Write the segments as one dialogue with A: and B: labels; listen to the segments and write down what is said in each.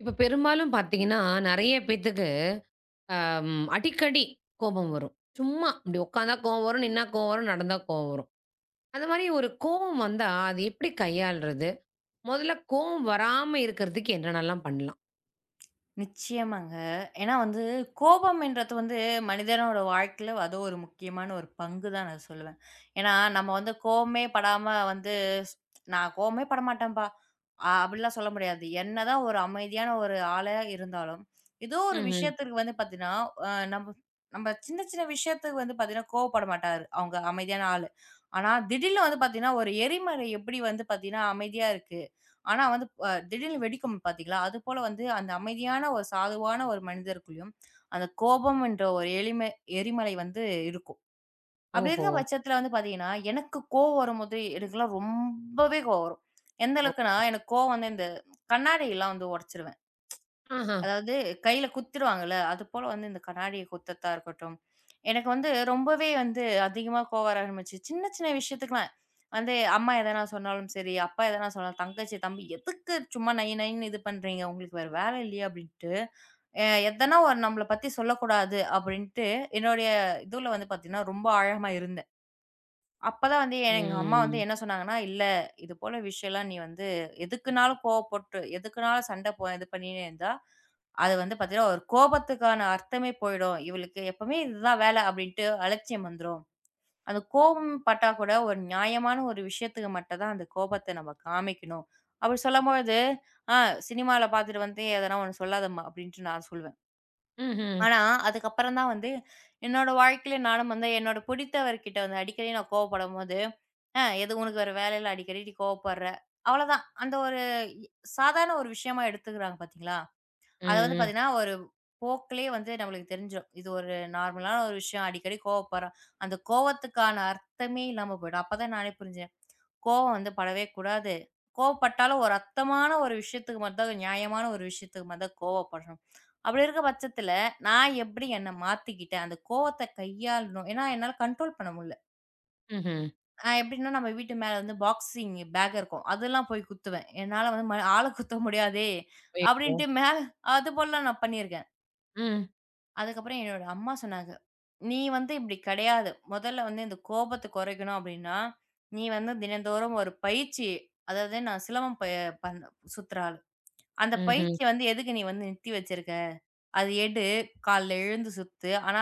A: இப்போ பெரும்பாலும் பார்த்தீங்கன்னா, நிறைய பேத்துக்கு அ ம் அடிக்கடி கோபம் வரும். சும்மா. இப்படி உக்காந்தா கோவம் வரும். நின்னா கோவம் வரும். நடந்தா கோவம் வரும். அது மாரி ஒரு கோவம் வந்தா அதை எப்படி கையாள்றது? முதல்ல கோவம் வராம இருக்கிறதுக்கு என்னென்னலாம் பண்ணலாம்?
B: நிச்சயமாங்க. ஏன்னா வந்து கோபம் என்றது வந்து மனிதனோட வாழ்க்கையில அது ஒரு முக்கியமான ஒரு பங்குதா நான் சொல்லுவேன். ஏன்னா நம்ம வந்து கோவமே படாம வந்து, "நான் கோவமே படமாட்டேன்ப்பா!" அப்படி எல்லாம் சொல்ல முடியாது. என்னதான் ஒரு அமைதியான ஒரு ஆளாயிருந்தாலும், ஏதோ ஒரு
A: ம்ஹ்ம்.
B: விஷயத்துக்கு வந்து பார்த்தீங்கன்னா, அ நம்ப நம்ப சின்ன சின்ன விஷயத்துக்கு வந்து பார்த்தீங்கன்னா கோபப்பட மாட்டாரு. அவங்க அமைதியான ஆளு. ஆனா திடீர்னு வந்து பார்த்தீங்கன்னா, ஒரு எரிமலை எப்படி வந்து பார்த்தீங்கன்னா அமைதியா இருக்கு. ஆனா வந்து திடீர்னு வெடிக்கும் பாத்தீங்களா? அது போல வந்து அந்த அமைதியான ஒரு சாதுவான ஒரு மனிதருக்குள்ளையும் அந்தக் கோபம் என்ற ஒரு எரிமலை- எரிமலை வந்து இருக்கும். அப்படி
A: ஓஹோ!
B: இருக்கற பட்சத்துல வந்து பார்த்தீங்கன்னா, எனக்குக் கோபம் வரும்போது, எனக்குலாம் ரொம்பவே கோபம் வரும். எந்த
A: ஓஹோ!
B: அளவுக்குன்னா எனக்குக் கோபம் வந்து அந்தக் கண்ணாடி எல்லாம் வந்து உடைச்சிருவேன்.
A: ஆஹ.
B: அதாவது கையில குத்திருவாங்கல்ல. அது போல இந்தக் கண்ணாடியை குத்தறத்தா இருக்கட்டும், எனக்கு வந்து ரொம்பவே வந்து அதிகமா கோபம் வர ஆரம்பிச்சுச்சு. சின்ன சின்ன விஷயத்துக்குலாம் வந்து, அம்மா எதனா சொன்னாலும் சரி, அப்பா எதனா தங்கச்சி, தம்பி "எதுக்கு சும்மா நை நைன்னு இது பண்றீங்க? உங்களுக்கு வேற வேலை இல்லையா?" அப்படின்னுட்டு. அ, எதனா ஒண்ணு நம்மள பத்தி சொல்லக் கூடாது அப்படின்னுட்டு என்னோடய இதுல வந்து பார்த்தீங்கன்னா ரொம்ப ஆழமா இருந்தேன். அப்பத் தான் வந்து எ எங்க அம்மா வந்து
A: ம்.
B: என்ன சொன்னாங்கன்னா, இல்ல. இது போல விஷயம்லாம் நீ வந்து எதுக்குன்னாலும் கோபப்பட்டு, எதுக்குன்னாலும் சண்டை ப இது பண்ணினே இருந்தா, அது வந்து பாத்தீங்கன்னா ஒரு கோபத்துக்கான அர்த்தமே போயிடும். "இவளுக்கு எப்பவுமே இது தான் வேலை." அப்படின்னு அலட்சியம் வந்துரும். அந்தக் கோவம்பட்டா கூட ஒரு நியாயமான ஒரு விஷயத்துக்கு மட்டும் தான் அந்தக் கோபத்தை நாம காமிக்கணும். அப்படி சொல்லும்பொழுது, ஆ "சினிமால பாத்துட்டு வந்து எதனா ஒண்ணு சொல்லாதம்மா." அப்படின்ட்டு நான் சொல்லுவேன்.
A: ம்ஹ்ம்.
B: ஆனா, அதுக்கு அப்புறம் தான் வந்து என்னோட வாழ்க்கையில நானும் வந்து, என்னோட பிடித்தவர்கிட்ட அடிக்கடி கோபப்படும்போது, "அ எதுக்கு? உனக்கு வேற வேலை இல்ல. அடிக்கடி நீ கோபப்படுற." அவ்வள தான். அந்த ஒரு இ சாதாரண ஒரு விஷயமா எடுத்துக்கறாங்க பாத்தீங்களா? அத வந்து
A: ம், ம்.
B: பாத்தீங்கன்னா ஒரு போக்குலே வந்து நமக்குத் தெரிஞ்சுரும். "இது ஒரு நார்மலான விஷயம். அடிக்கடி கோபப்படுறா" அந்தக் கோபத்துக்கான அர்த்தமே இல்லாம போயிடும். அப்பத் தான் நான் புரிஞ்சேன். கோபம் வந்து படவே கூடாது. கோபப்பட்டாலும் ஒரு அர்த்தமான ஒரு விஷயத்துக்கு மட்டும்தான் ஒரு நியாயமான ஒரு விஷயத்துக்கு மட்டும்தான் கோவப்படணும். அப்படி இருக்கற பட்சத்துல, நான் எப்படி என்னை மாத்திக்கிட்டேன்? அந்தக் கோபத்தை கையாளணும். ஏன்னா என்னால கன்ட்ரோல் பண்ண முடியல.
A: ம்ஹ்ம்.
B: அ எப்படின்னா, நம்ம வீட்டு மேல வந்து பாக்ஸிங்கு பேக் இருக்கும். அதெல்லாம் போய்க் குத்துவேன். "என்னால வந்து இது மாரி ஆளைக் குத்த முடியாதே!" அப்படின்னு
A: [unintelligible]
B: மேல அது போலலாம் நான் பண்ணி இருக்கேன்.
A: ம்.
B: அதுக்கு அப்புறம் என்னோட அம்மா சொன்னாங்க. நீ வந்து இப்படி கிடையாது. முதல்ல வந்து இந்தக் கோபத்தை குறைக்கணும் அப்படின்னா, நீ வந்து தினந்தோறும் ஒரு பயிற்சி. அதாவது நான் சிலம்பம் பய பண்ற சுத்துற ஆளு. அந்தப்
A: ம்ஹ்ம்.
B: பயிற்சி வந்து எதுக்கு நீ வந்து நிறுத்தி வச்சிருக்க. அதை எடு. காலைல எழுந்து சுத்து. ஆனா,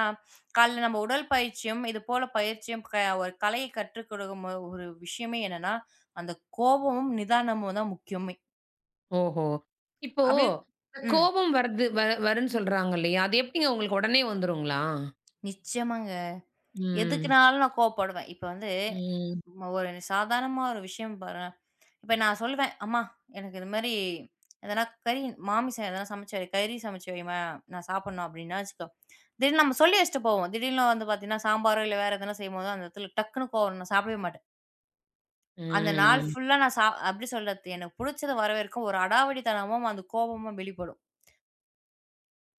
B: காலைல நம்ம உடற்பயிற்சியும், இது போல பயிற்சியும் க ஒரு கலையை கற்றுக்கொடுக்கும் ஒரு ஒரு விஷயமே என்னன்னா, அந்தக் கோபமும் நிதானமும் தான் முக்கியமே.
A: ஓஹோ! இப்போ
B: [unintelligible] ம்.
A: கோவம் வருது வர வருன்னு சொல்றாங்கள்லையா? அது எப்டிங்க உங்களுக்கு உடனே வந்துருங்களா?
B: நிச்சியமாங்க.
A: ம்.
B: எதுக்குன்னாலும் நான் கோபப்படுவேன். இப்ப வந்து
A: ம்.
B: ஒரு சாதாரணமா ஒரு விஷயம் பாருங்க இப்ப நான் சொல்லுவேன். அம்மா எனக்கு இது மாரி எதனா கறி மாமிசம் எதனா சமைச்சு, கறி சமைச்சு வைம்மா நான் சாப்பிடணும் அப்டின்னா வச்சுக்கோ. திடிர்னு நம்ம சொல்லி வச்சிட்டு போவோம். திடீர்ல்னு வந்து பாத்தீங்கன்னா சாம்பார் இல்ல. வேற எதுனா செய்யும்போது அந்த இடத்துல டக்குன்னு கோவம் நான் சாப்பிடவே மாட்டேன். அந்த நாள்
A: ம்.
B: ஃபுல்லா நான் சாப் அப்டி சொல்லுறது எனக்குப் புடிச்சது வர வரைக்கும் ஒரு அடாவடி தனமும் அந்தக் கோபமும் வெளிப்படும்.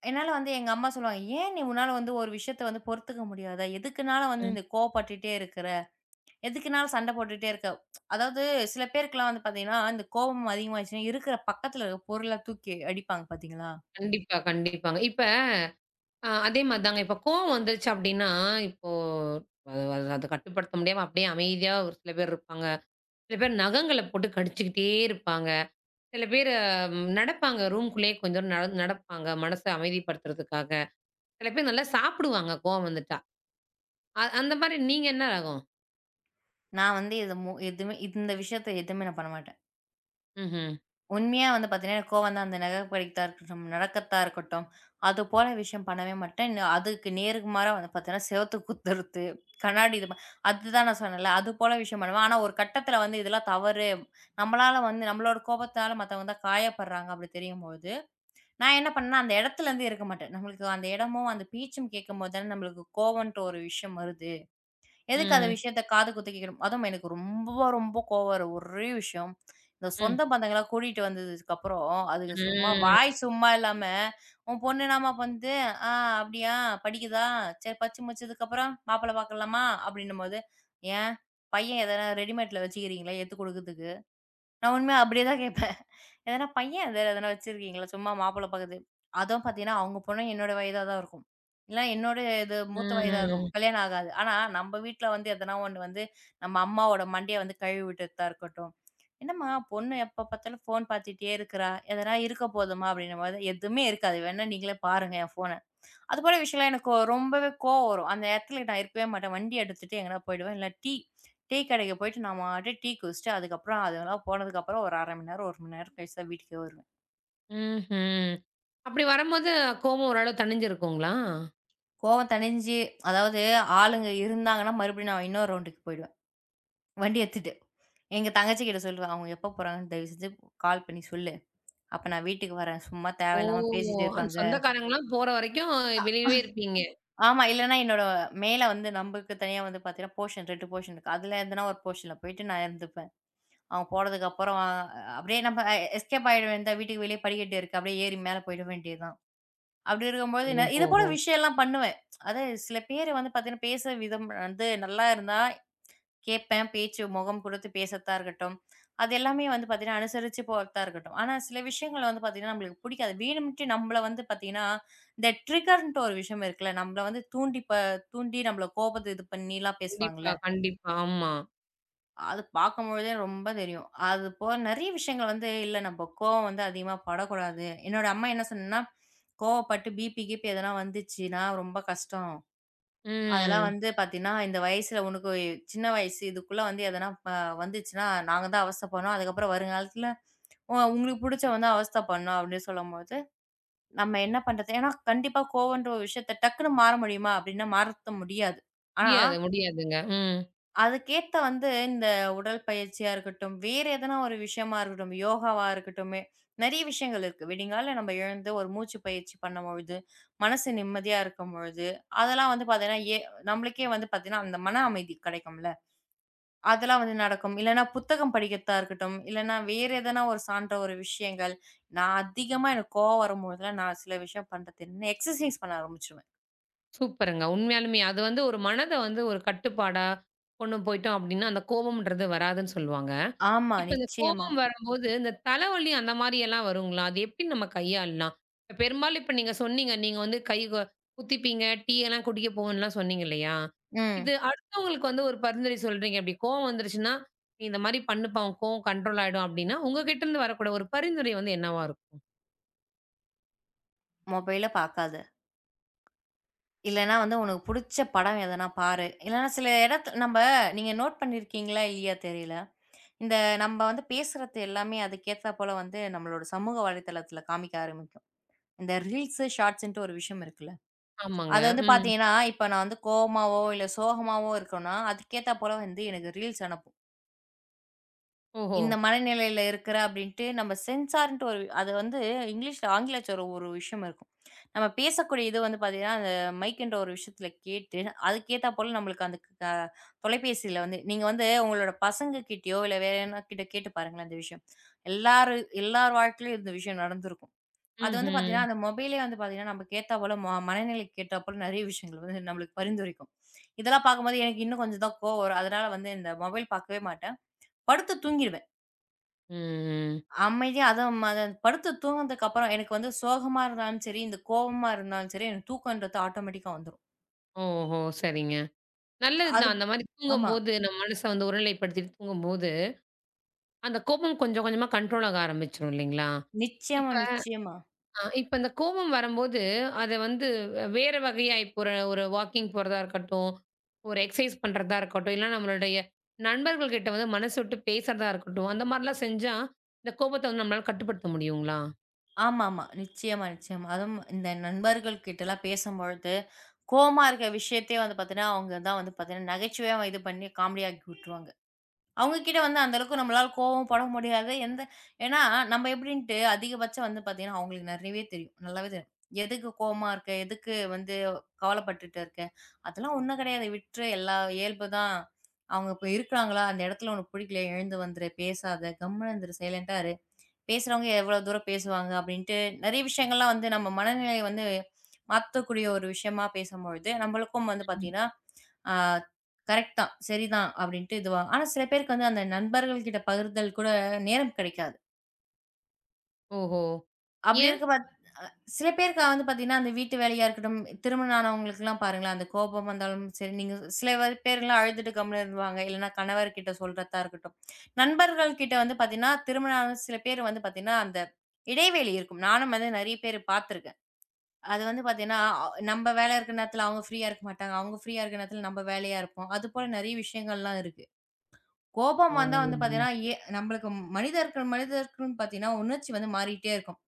B: என்னால வந்து எங்க அம்மா சொல்லுவாங்க. ஏன் நீ உன்னால வந்து ஒரு விஷயத்த பொறுத்துக்க முடியாதா? எதுக்குன்னாலும் வந்து
A: ம்.
B: இந்தக் கோபப்பட்டுட்டே இருக்குற. எதுக்குன்னாலும் சண்டை போட்டுட்டே இருக்க. அதாவது சில பேருக்குலாம் வந்து பாத்தீங்கன்னா, அந்தக் கோபம் அதிகமா ஆச்சுன்னா இருக்குற பக்கத்துல இருக்கும் பொருளத் தூக்கி அடிப்பாங்க பாத்தீங்களா?
A: கண்டிப்பா, கண்டிப்பாங்க. இப்ப அ அதே மாரிதாங்க. இப்ப கோபம் வந்துருச்சு அப்டின்னா, இப்போ அத அதக் கட்டுப்படுத்த முடியாம அப்டியே அமைதியா ஒரு சில பேர் இருப்பாங்க. சில பேர் நகங்கள போட்டுக் கடிச்சுக்கிட்டே இருப்பாங்க. சில பேரு நடப்பாங்க ரூம் குள்ளேயே கொஞ்சம் நடந்து நடப்பாங்க மனச அமைதிப்படுத்துறதுக்காக. சில பேரு நல்லா சாப்பிடுவாங்க கோபம் வந்துட்டா. அந் அந்த மாரி நீங்க என்ன ரகம்?
B: நான் வந்து இதுமு எதுமு இந்த விஷயத்துல எதுவுமே நான் பண்ண மாட்டேன்.
A: ம்ஹ்ம்.
B: உண்மையாக வந்து பார்த்தீங்க என்றால், எனக்கு கோபம் வந்தால் நமக்கு பிடிக்காதது தான் இருக்கட்டும். நடக்காததா இருக்கட்டும். அது போல விஷயம் பண்ணவே மாட்டேன். அதுக்கு நேர்மாறாக வந்து பார்த்தீங்க என்றால், சுவற்றைக் குத்துறது கண்ணாடி அ அது தான் நான் சொன்னேன்ல. அது போல விஷயம் பண்ணுவேன். ஆனா ஒரு கட்டத்தில் வந்து இதெல்லாம் தவறு. நம்மளால் வந்து நம்மளோட கோபத்தால் மத்தவங்க தான் காயப்படுறாங்க. அப்படி தெரியும்பொழுது நான் என்ன பண்ணேன். அந்த இடத்தில் இருந்து இருக்க மாட்டேன். நமக்கு அந்த இடமும், அந்தப் பேச்சும் கேட்கும்போது தான் நம்மளுக்கு கோபம் என்று ஒரு விஷயம் வருகிறது. எதுக்கு அந்த
A: ம்.
B: விஷயத்தைக் காது குத்து கேட்கவேண்டும். அதுவும் எனக்கு ரொம்ப ரொம்ப கோபம் வரும் ஒரே விஷயம். சொந்த
A: ம்.
B: பந்தங்களை கூட்டிவிட்டு வந்ததுக்கு அப்புறம் அதுங்க சும்மா வாய்
A: ம்.
B: சும்மா இல்லாமல் உன் பொண்ணு என்னம்மா பண்ணுது. அ அப்படியா? படிக்குதா? சரி படிப்பு முடித்ததுக்கு அப்புறம் மாப்பிள்ளை பார்க்கலாமா அப்படி என்றுபோது. ஏன் பையன் எதோ ரெடிமேட்ல வைத்திருக்கீறிங்களா? எடுத்துக் கொடுக்கறதுக்கு. நான் உண்மையாக அப்படியே தான் கேட்பேன். எதோ பையன் வைத்திருக்கீங்களா? சும்மா மாப்பிள்ளை பார்க்குறது. அதுவும் பார்த்தீங்க என்றால், அவங்க பொண்ணு என்னோட வயதாக தான் இருக்கும். இல்லை என்னோட இது
A: ம்.
B: மூத்த வயதாக இருக்கும்.
A: ம்.
B: கல்யாணம் ஆகாது. ஆனா நம்ம வீட்டில் வந்து எதோ ஒன்று வந்து நம்ம அம்மாவோட மண்டையை கழுவி விட்டுத்தா இருக்கட்டும். என்னம்மா பொண்ணு எப்போ பார்த்தாலும் போன் பார்த்துக்கொண்டே இருக்குற. எதோ இருக்க போதுமா அப்படி என்றுபொழுது. எதுவுமே இருக்காது. வேண்டியா நீங்களே பாருங்க என் போனை. அதுபோல விஷயத்தில் எனக்கு ரொம்பவே கோபம் வரும். அந்த இடத்தில் நான் இருக்கவே மாட்டேன். வண்டி எடுத்துவிட்டு எங்கோ போய்விடுவேன். டீ டீ கடைக்குப் போய்விட்டு நான் பாட்டுக்கு டீ குடித்துவிட்டு, அதுக்கு அப்புறம் அதெல்லாம் போனதுக்கு அப்புறம் ஒரு 0:30 மணி நேரம், 1 மணி நேரம் கழித்துதான் வீட்டுக்கே வருவேன்.
A: ம்ஹ்ம். அப்படி வரும்போது கோபம் ஒரு அளவு தணிந்து இருக்கும்ங்களா?
B: கோபம் தணிந்து அதாவது ஆளுங்க இருந்தாங்க என்றால், மறுபடியும் நான் இன்னொரு ரவுண்டுக்கு போய்விடுவேன். வண்டி எடுத்துவிட்டு. எங்க தங்கச்சி கிட்ட சொல்லுவேன். அவங்க எப்ப போறாங்க. தயவு செய்து கால் பண்ணி சொல்லு. அப்போ நான் வீட்டுக்கு வரேன். சும்மா
A: ஓ.
B: தேவையில்லாமல் பேசிக்கொண்டு
A: அந்தச்
B: இருப்பாங்க.
A: சொந்தக்காரங்க எல்லாம் போகிற வரைக்கும்
B: அ
A: வெளியேவே இருப்பீங்க.
B: ஆமா. இல்லையென்றால் என்னோட மேல வந்து நமக்குத் தனியாக வந்து போஷன் 2 போர்ஷன் இருக்கு. அதில் எதோ ஒரு போர்ஷனில் போய்விட்டு நான் இருந்துவிடுவேன். அவங்க போறதுக்கு அப்புறம் ஆ அப்படியே நம்ம எஸ்கேப் ஆகிவிடுவேன். இந்த வீட்டுக்கு வெளியே படிக்கட்டு இருக்கு. அப்படியே ஏறி மேல போய்விட வேண்டியது தான். அப்படி இருக்கும்போது ந இது போல
A: ஓஹோஹோ.
B: விஷயம் எல்லாம் பண்ணுவேன். அதாவது சில பேரு வந்து பார்த்தீங்க என்றால், பேசும் விதம் வந்து நன்றாக இருந்தால் கேட்பேன் பேச்சு, முகம் கொடுத்துப் பேசத்தான் இருக்கட்டும், அது எல்லாமே வந்து பார்த்தீங்க என்றால், அனுசரிச்சு போறதாக இருக்கட்டும். ஆனா சில விஷயங்களை வந்து பார்த்தீங்க என்றால் நம்மளுக்கு பிடிக்காது. வேண்டுமென்றே நம்மளை வந்து பார்த்தீங்க என்றால், இந்த ட்ரிகர் என்ற ஒரு விஷயம் இருக்குல்லே. நம்மளை வந்து தூண்டி ப தூண்டி நம்மளை கோபத்தில் பண்ணி எல்லாம் பேசுவாங்க
A: கண்டிப்பா,
B: இல்லை.
A: கண்டிப்பா. ஆமா.
B: அத பாக்கும் பொழுதே ரொம்ப தெரியும். அது போல நெறைய விஷயங்கள் வந்து இல்ல. நம்ம கோவம் வந்து அதிகமா படக் கூடாது. என்னோட அம்மா என்ன சொன்னான, கோபப்பட்டு பீபி, கிபி எதனா வந்துச்சுன்னா ரொம்ப கஷ்டம். அதெல்லாம்
A: ம்.
B: வந்து பாத்தீன்னா, இந்த வயசுல உனக்குச் சின்ன வயசு. இதுக்குள்ள வந்து எதனா ப வந்துச்சுன்னா நாங்க தான் அவஸ்தை படணும். அதுக்கப்புறம் வரும் காலத்துல உ உங்களுக்குப் புடிச்சா வந்து அவஸ்த படணும் அப்படின்னு சொல்லும்போது நம்ம என்ன பண்றது? ஏன்னா, கண்டிப்பா கோவம்ன்ற விஷயத்தை டக்குன்னு மாற முடியுமா அப்படின்னா மாத்த முடியாது. ஆனா
A: முடியாது, முடியாதுங்க. ம்.
B: அதுக்கு ஏத்தா வந்து இந்த உடல் பயிற்சியா இருக்கட்டும், வேறு எதனா ஒரு விஷயமா இருக்கட்டும், யோகாவா இருக்கட்டும் நெறைய விஷயங்கள் இருக்கு. விடிங்கால நம்ம எழுந்து ஒரு மூச்சுப் பயிற்சி பண்ணும் பொழுது மனசு நிம்மதியா இருக்கும் பொழுது, அதெல்லாம் வந்து பாத்தீங்கன்னா எ நம்மளுக்கே வந்து பாத்தீங்கன்னா, அந்த மன அமைதி கிடைக்கும்ல. அதெல்லாம் வந்து நடக்கும். இல்லைனா புத்தகம் படிக்கத்தான் இருக்கட்டும், இல்லைனா வேறு எதனா ஒரு சாந்த ஒரு விஷயங்கள். நான் அதிகமா எனக்குக் கோபம் வரும்போது தான் நான் சில விஷயம் பண்றது எக்ஸசைஸ் பண்ண ஆரம்பிச்சிடுவேன்.
A: சூப்பர்ங்க. உண்மையாலுமே அது வந்து ஒரு மனத வந்து ஒரு கட்டுப்பாடா கொண்டு போய்ட்டோம் அப்படின்னா, அந்தக் கோபம்ன்றது வராதுன்னு சொல்லுவாங்க.
B: ஆமா.
A: இப்ப இந்தக்
B: நிச்சயமா.
A: கோபம் வரும்போது, இந்தத் தலவலி அந்த மாரில்லாம் வருங்களா? அதை எப்படி நம்ம கையாள்லாம்? பெரும்பாலும் இப்ப நீங்கச் சொன்னீங்க நீங்க வந்து கை கு குத்திப்பீங்க, டீ எல்லாம் குடிக்கப் போவோன்னுலாம் சொன்னீங்க இல்லையா?
B: ம்.
A: இது அடுத்தவங்களுக்கு வந்து ஒரு பரிந்துரை சொல்றீங்க. அப்படி கோபம் வந்துருச்சுன்னா இந்த மாதிரி பண்ணுப்பா. உன் கோபம் கண்ட்ரோல் ஆயிடும் அப்படின்னா உங்ககிட்ட இருந்து வரக்கூடிய ஒரு பரிந்துரை வந்து என்னவா இருக்கும்?
B: மொபைல பாக்காத. இல்லைனா, உனக்குப் புடிச்ச படம் எதனா பாரு. இல்லைன்னா, சில இடத்துல நம்ப நீங்க நோட் பண்ணி இருக்கீங்களா, இல்லையா, தெரியல. இந்த நம்ப வந்து பேசுறது எல்லாமே அதுக்கு ஏத்தா போல வந்து, நம்மளோட சமூக வலைத்தளத்துல காமிக்க ஆரம்பிக்கும். இந்த ரீல்ஸ், ஷாட்ஸ்ன்ட்டு ஒரு விஷயம் இருக்குல்ல.
A: ஆமாங்க.
B: அது வந்து
A: ம்.
B: பாத்தீங்கன்னா, இப்ப நான் வந்து கோபமாவோ, இல்ல சோகமாவோ இருக்கோம்னா அதுக்கு ஏத்தா போல வந்து எனக்கு ரீல்ஸ் அனுப்பும்.
A: ஓஹோ.
B: இந்த மனநிலையில இருக்குறா அப்படின்ட்டு நம்ம சென்சார்ன்டு ஒரு அது வந்து இங்கிலீஷ்ல ஆங்கிலச்சொல் ஒரு விஷயம் இருக்கும். நம்ம பேசக்கூடிய இது வந்து பாத்தீங்கன்னா, அந்த மைக்குன்ற ஒரு விஷயத்துல கேட்டு, அதுக்கு ஏத்தா போல நமக்கு அந்தக் க தொலைபேசியில வந்து நீங்க வந்து உங்களோட பசங்க கிட்டயோ இல்ல வேற யாரானா கிட்டே கேட்டுப் பாருங்களேன், அந்த விஷயம். எல்லாரு எல்லார் வாழ்க்கையிலும் இந்த விஷயம் நடந்துருக்கும். அது வந்து பாத்தீங்கன்னா,
A: ம்ஹம்.
B: அந்த மொபைலே வந்து பாத்தீங்கன்னா, நம்மளுக்கு ஏத்தா போல, ம மனநிலையை ஏத்தாபோல நிறைய விஷயங்கள் வந்து நம்மளுக்கு பரிந்துரைக்கும். இதெல்லாம் பார்க்கும்போது எனக்கு இன்னும் கொஞ்சம் தான் கோபம் வரும். அதனால வந்து இந்த மொபைல் பாக்கவே மாட்டேன். படுத்துத் தூங்கிருவேன்.
A: ம்.
B: அமைதியா அதுவும் அது படுத்துத் தூங்குனதுக்கு அப்புறம் எனக்கு வந்து சோகமா இருந்தாலும் சரி, இந்த கோவமா இருந்தாலும் சரி எனக்குத் தூக்கம்ன்றது ஆட்டொமேட்டிக்கா வந்துரும்.
A: ஓஹோ! சரிங்க. நல்லதுதான்.
B: அதுப்
A: அந்த மாரி
B: ஆமா.
A: தூங்கும்போது, நம்ம மனசை வந்து ஒருநிலைப்படுத்திட்டு தூங்கும்போது, அந்தக் கோபம் கொஞ்சம் கொஞ்சமா கன்ட்ரோல் ஆக ஆரம்பிச்சிடும் இல்லீங்களா?
B: நிச்சயமா,
A: இப்ப
B: நிச்சயமா.
A: அ இப்ப அந்தக் கோபம் வரம்போது அதை வந்து வே வேற வகையா இப்ப ஒரு ஒரு வாக்கிங் போறதா இருக்கட்டும், ஒரு எக்சைஸ் பண்றதா இருக்கட்டும், இல்ல நம்மளுடைய நண்பர்கள்கிட்ட வந்து மனசு விட்டுப் பேசறதா இருக்கட்டும், அந்த மாரிலாம் செஞ்சா இந்தக் கோபத்தை வந்து நம்மளால கட்டுப்படுத்த முடியும்ங்களா?
B: ஆமாமா. நிச்சயமா, நிச்சயமா. அதுவும் இந்த நண்பர்கள் கிட்ட எல்லாம் பேசும்பொழுது, கோவமா இருக்க விஷயத்தை வந்து பாத்தீங்கன்னா, அவங்க தான் வந்து நகைச்சுவையா இது பண்ணி காமெடி ஆக்கி விட்டுருவாங்க. அவங்க கிட்ட வந்து அந்த அளவுக்கு நம்மளால கோவமும் பட முடியாது. எந்த ஏன்னா, நம்ம எப்படின்ட்டு அதிகபட்சம் வந்து பாத்தீங்கன்னா, அவங்களுக்கு நிறைய தெரியும். நல்லாவே தெரியும். "எதுக்கு கோவமா இருக்கே? எதுக்கு வந்து கவலைப்பட்டுட்டு இருக்கே? அதெல்லாம் ஒண்ணும் கிடையாது. விட்டுரு. எல்லாம் இயல்பு தான். அவங்க இப்ப இருக்காங்களா? அந்த இடத்துல உனக்குப் புடிக்கலயா? எழுந்து வந்துரு. பேசாத. கம்முனு இருந்துரு. சைலெண்டா இரு. பேசுறவங்க எவ்ளோ தூரம் பேசுவாங்க?" அப்படின்ட்டு நிறைய விஷயங்கள்லாம் வந்து நம்ம மனநிலையை வந்து மாத்தக்கூடிய ஒரு விஷயமா பேசும்பொழுது, நம்மளுக்கும் வந்து
A: ம்.
B: பாத்தீங்கன்னா அ கரெக்ட் தான். சரி தான் அப்படின்ட்டு இதுவா ஆனா, சில பேருக்கு அந்த நண்பர்கள் கிட்ட பகிர்தல் கூட நேரம் கிடைக்காது.
A: ஓஹோ.
B: அப்படி
A: ஏன்?
B: இருக்கும்பத் சில பேருக்கு வந்து பாத்தீங்கன்னா, அந்த வீட்டு வேலையா இருக்கட்டும், திருமணம் ஆனவங்களுக்கு எல்லாம் பாருங்க. அந்தக் கோபம் வந்தாலும் சரி, நீங்க சில பேர் பேர் எல்லாம் அழுதுட்டு கம்முனு இருப்பாங்க. இல்லனா கணவர் கிட்ட சொல்றத்தா இருக்கட்டும். நண்பர்கள் கிட்ட வந்து பாத்தீங்கன்னா, திருமணம் ஆன சில பேர் வந்து பாத்தீங்கன்னா, அந்த இடைவெளி இருக்கும். நானும் வந்து நிறைய பேர் பாத்துருக்கேன். அது வந்து பாத்தீங்கன்னா ஆ நம்ம வேலை இருக்கற நேரத்துல அவங்க ப்ரீயா இருக்க மாட்டாங்க. அவங்க ப்ரீயா இருக்க நேரத்துல நம்ம வேலையா இருப்போம். அது போல நிறைய விஷயங்கள்லாம் இருக்கு. கோபம் வந்தா வந்து
A: ஓ.
B: பாத்தீங்கன்னா, எ நம்மளுக்கு மனிதர் மனிதருக்கு பாத்தீங்கன்னா உணர்ச்சி வந்து மாறிட்டே இருக்கும்.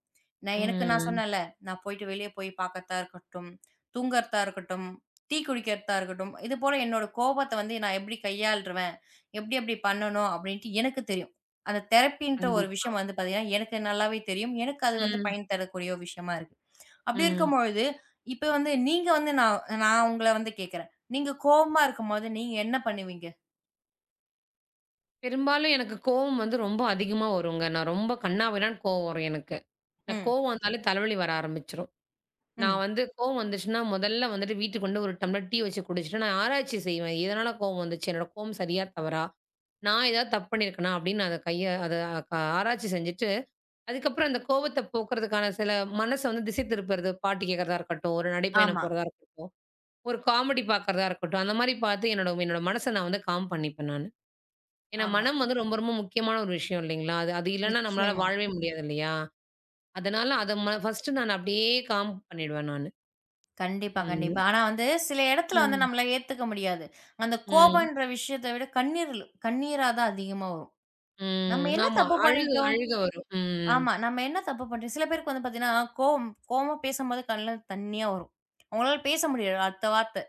B: நான் எனக்கு நான்
A: ம்.
B: சொன்னேன்ல. நான் போயிட்டு வெளிய போய்ப் பாக்கத்தா இருக்கட்டும், தூங்கறதா இருக்கட்டும், டீ குடிக்கறதா இருக்கட்டும். இது போல என்னோட கோபத்த வந்து நான் எப்படி கையாள்றுவன், எப்படி எப்படி பண்ணணும் அப்படின்ட்டு எனக்குத் தெரியும். அந்த தெரப்பின்ற ஒரு
A: கண்டிப்பா.
B: விஷயம் வந்து பாத்தீங்கன்னா, எனக்கு நல்லாவே தெரியும். எனக்கு அது வந்து
A: ம்.
B: பயன் தரக்கூடிய விஷயமா இருக்கு. அப்படி
A: ம்.
B: இருக்கும்பொழுது இப்ப வந்து நீங்க வந்து நான் நான் உங்கள வந்து கேக்குறேன். நீங்கக் கோவமா இருக்கும்போது நீங்க என்ன பண்ணுவீங்க?
A: பெரும்பாலும் எனக்குக் கோபம் வந்து ரொம்ப அதிகமா வரும்ங்க. நான் ரொம்ப கண்ணா பின்னானு கோவம் வரும் எனக்கு. எனக்குக்
B: ம்.
A: கோபம் வந்தாலே தலைவலி வர ஆரம்பிச்சிரும். நான்
B: ம்.
A: வந்து கோபம் வந்துச்சுன்னா முதல்ல வந்துட்டு வீட்டுக்கு வந்து ஒரு டம்ளர் டீ வச்சு குடிச்சிட்டு நான் ஆராய்ச்சி செய்வேன். எதனால கோபம் வந்துச்சு? என்னோட கோபம் சரியா? தவறா? நான் ஏதாவது தப்பு பண்ணியிருக்கேனா அப்படின்னு அத கைய அது ஆராய்ச்சி செஞ்சிட்டு, அதுக்கப்புறம் அந்தக் கோபத்த போக்குறதுக்கான சில மனச வந்து திசை திருப்புறது பாட்டு கேக்குறதா இருக்கட்டும், ஒரு நடைப்பயணம்
B: ஆமா.
A: போறதா இருக்கட்டும், ஒரு காமெடி பாக்குறதா இருக்கட்டும் அந்த மாரி பார்த்து என்னோட என்னோட மனச நான் வந்து காம் பண்ணிப்பேன் நானு. ஏன்னா
B: ஆமா.
A: மனம் வந்து ரொம்ப ரொம்ப முக்கியமான ஒரு விஷயம் இல்லீங்களா? அது அது இல்லன்னா நம்மளால
B: நிச்சயமா.
A: வாழ்வே முடியாது இல்லையா? அதனால அத ம ஃபர்ஸ்ட் நான் அப்படியே காம் பண்ணிடுவேன் நானு.
B: கண்டிப்பா, கண்டிப்பா.
A: [unintelligible]
B: ஆனா வந்து சில இடத்துல வந்து
A: ம்.
B: நம்மளால ஏத்துக்க முடியாது. அந்தக்
A: ம்.
B: கோபம்ன்ற விஷயத்த விடக் கண்ணீர் கண்ணீராதான் அதிகமா வரும். நம்ம
A: ம்.
B: என்ன
A: ஆமா
B: தப்பு
A: அழுகு
B: பண்ணிட்டோம்?
A: அழுக வரும். ம்.
B: ஆமா. நம்ம என்ன தப்பு பண்ணிட்டோம். சில பேருக்கு வந்து பாத்தீங்கன்னா கோவம் கோவமா பேசும்போது கண்ணுல தண்ணீயா வரும். உங்களால பேச முடியாது. அடுத்த வார்த்த.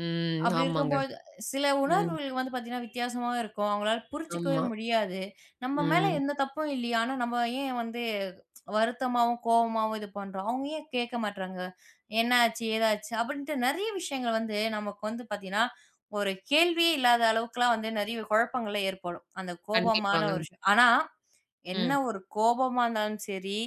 A: ம்.
B: அப்பபிடி
A: ஆமாங்க.
B: இருக்கும்பொழுது சில
A: ம்.
B: உணர்வுகள் வந்து பாத்தீங்கன்னா வித்தியாசமா இருக்கும். அவுங்களால புரிஞ்சுக்கவே
A: ஆமா.
B: முடியாது. நம்ம மேல
A: ம்.
B: எந்தத் தப்பும் இல்லயே, ஆனா நம்ம ஏன் வந்து வருத்தமாவும், கோவமாவும் இது பண்ணுறோம். அவங்க ஏன் கேட்க மாட்றாங்க? என்ன ஆச்சு? ஏதா ஆச்சு அப்பபிடின்டு நெறய விஷயங்கள் வந்து நமக்கு வந்து பாத்தீங்கன்னா, ஒரு கேள்வியே இல்லாத அளவுக்குலாம் வந்து நிறைய குழப்பங்களே ஏற்படும். அந்தக் கோபமான
A: கண்டிப்பாங்க.
B: ஒரு சூ ஆனா என்ன
A: ம்.
B: ஒரு கோபமா இருந்தாலும் சரி,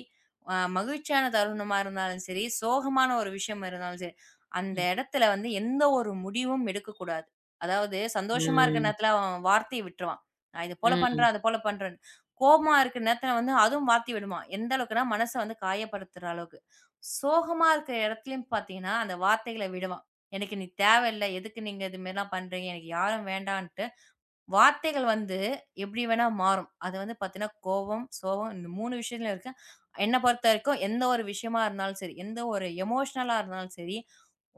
B: அ மகிழ்ச்சியான தருணமா இருந்தாலும் சரி, சோகமான ஒரு விஷயம் இருந்தாலும் சரி, அந்த
A: ம்.
B: இடத்துல வந்து எந்த ஒரு முடிவும் எடுக்கக் கூடாது. அதாவது சந்தோஷமா இருக்கிற
A: ம்.
B: நேரத்துல வார்த்தைய விட்டுருவான். நான் இது போலப்
A: ம்.
B: பண்றேன். அது போலப் பண்றேன். கோபமா இருக்குற நேரத்துல வந்து அதுவும் வார்த்தை விடுவான். எந்த அளவுக்குன்னா மனச காயப்படுத்துற அளவுக்கு. சோகமா இருக்குற இடத்துலயும் பாத்தீங்கன்னா, அந்த வார்த்தைகளை விடுவான். எனக்கு நீ தேவை இல்ல. எதுக்கு நீங்க இது மாரிலாம் பண்றீங்க? எனக்கு யாரும் வேண்டான்டு, வார்த்தைகள் வந்து எப்பிடி வேணா மாறும். அது வந்து பாத்தீங்கன்னா கோவம், சோகம் இந்த 3 விஷயத்துலயும் இருக்கு. என்ன பொறுத்தவரைக்கும் எந்த ஒரு விஷயமா இருந்தாலும் சரி, எந்த ஒரு எமோஷனலா இருந்தாலும் சரி,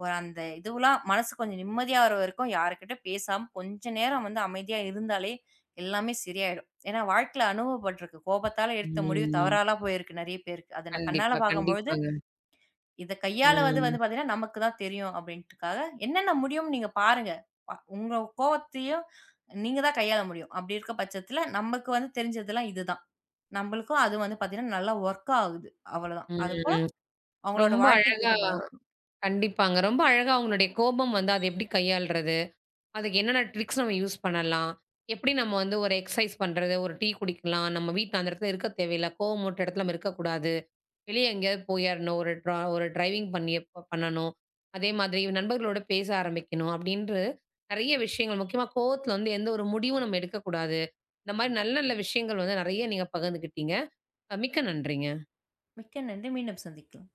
B: ஒ அந்த இதுவுலாம் மனசு கொஞ்சம் நிம்மதியா வர வரைக்கும் யார்கிட்ட பேசாம கொஞ்சம் நேரம் வந்து அமைதியா இருந்தாலே! எல்லாமே சரியாயிடும். ஏன்னா வாழ்க்கையில அனுபவபட்டு இருக்கு. கோபத்தால எடுத்த முடிவு
A: ம்.
B: தவறாலாம் போயிருக்கு நிறைய பேருக்கு. அத நான் கண்ணால
A: கண்டிப்பா,
B: பார்க்கும்பொழுது
A: கண்டிப்பாங்க.
B: இதக் கையாளுவது
A: ம்.
B: வந்து பாத்தீங்கன்னா நமக்குத் தான் தெரியும் அப்பிடின்டுக்காக என்னென்ன முடியும்னு நீங்கப் பாருங்க. உங்க கோபத்தையும் நீங்கத் தான் கையாள முடியும். அப்பிடி இருக்க பட்சத்துல நமக்கு வந்து தெரிஞ்சது எல்லாம் இது தான். நம்மளுக்கும் அது வந்து பாத்தீங்கன்னா, நல்ல ஒர்க் ஆகுது. அவளதான். அது போல
A: ம்.
B: அவுங்களோட
A: ரொம்ப
B: வாழ்க்கைக்கு
A: அழகா
B: ஏத்தபோல இருக்கணும்.
A: கண்டிப்பாங்க. ரொம்ப அழகா உங்களுடைய கோபம் வந்து அதை எப்பபிடி கையாள்றது, அதுக்கு என்னென்ன ட்ரிக்ஸ் நம்ம யூஸ் பண்ணலாம். எப்பபிடி நம்ம வந்து ஒரு எக்ஸ்சைஸ் பண்றது, ஒரு டீ குடிக்கலாம், நம்ம வீட்டு அந்த இடத்துல இருக்க தேவையில்ல, கோபம் மூட்ற இடத்துல நம்ம இருக்கக்கூடாது, வெளிய எங்கேயாவது போயிர்ணும். ஒரு ட்ரா டிரைவிங் பண்ணி எப்ப பண்ணணும், அதே மாதிரி நண்பர்களோட பேச ஆரம்பிக்கணும் அப்பபிடின்று நிறைய விஷயங்கள் முக்கியமா கோபத்துல வந்து எந்த ஒரு முடிவும் நம்ம எடுக்கக் கூடாது. இந்தமாரி நல்ல நல்ல விஷயங்கள் வந்து நிறைய நீங்கப் பகிர்ந்துக்கிட்டீங்க. மிக்க நன்றிங்க.
B: மிக்க நன்றி. மீண்டும் சந்திக்கலாம்.